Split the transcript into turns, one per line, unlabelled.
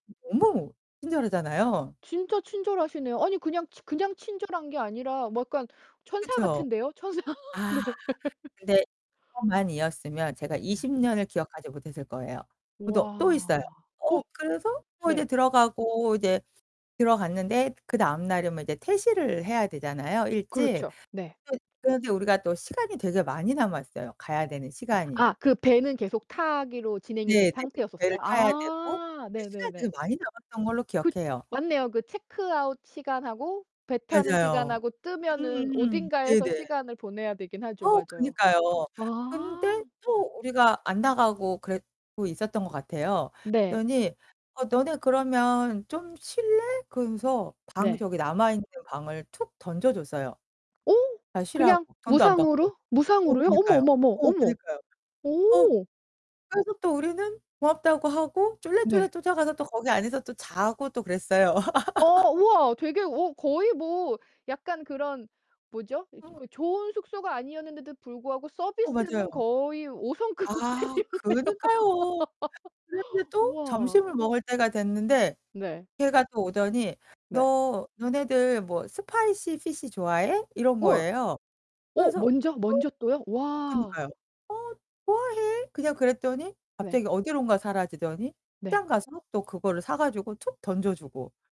너무 친절하잖아요.
진짜 친절하시네요. 아니 그냥 그냥 친절한 게 아니라 뭐 약간 천사
그쵸.
같은데요? 천사 네.
아 근데 [unintelligible] 만 이였으면 제가
네.
20 년을 기억하지 못했을 거예요. 그죠. 또 있어요.
와 어.
어 그래서 뭐 이제
네.
들어가고 이제 들어갔는데 그다음 날이면 이제 퇴실을 해야 되잖아요, 일찍.
그렇죠. 네.
또 그런데 우리가 또 시간이 되게 많이 남았어요. 가야 되는 시간이.
아 그 배는 계속 타기로 진행이
네네,
된
배를
상태였었어요?
타야 되고
아
그 시간이
네네네.
되게 많이 남았던 걸로
그
기억해요.
맞네요. 그 체크아웃 시간하고 배 타는
맞아요.
시간하고 뜨면은
음음음.
어딘가에서
네네.
시간을 보내야 되긴 하죠.
어
맞아요.
그니까요. 근데
아.
또 우리가 안 나가고 그랬고 있었던 거 같아요.
네.
그랬더니 "어 너네 그러면 좀 쉴래?" 그러면서 방
네.
저기 남아있는 데 방을 툭 던져줬어요.
어
가 쉬라고
그냥
돈도 안 받고.
무상으로?
어
무상으로요? 어머,
그니까요.
어머, 어머,
어
어머,
그니까요. 어.
어.
그래서 또 우리는 고맙다고 하고 쫄래쫄래
네.
쫓아가서 또 거기 안에서 또 자고 또 그랬어요.
어 우와 되게 어 거의 뭐 약간 그런 뭐죠?
어.
좋은 숙소가 아니었는데도 불구하고
어,
서비스는
맞아요.
거의 5 성급
아,
호텔이었네요.
그니까요. 그런데 또
우와.
점심을 먹을 때가 됐는데
네.
걔가 또 오더니
네.
"너 너네들 뭐 spicy fish 좋아해?" 이런
어.
거예요.
어
그래서
먼저? 먼저 또요?
"응" 어
와.
그니까요. "어. 좋아해." 그냥 그랬더니
네.
갑자기 어디론가 사라지더니
네.
시장 가서 또 그거를 사 가지고 툭 던져주고.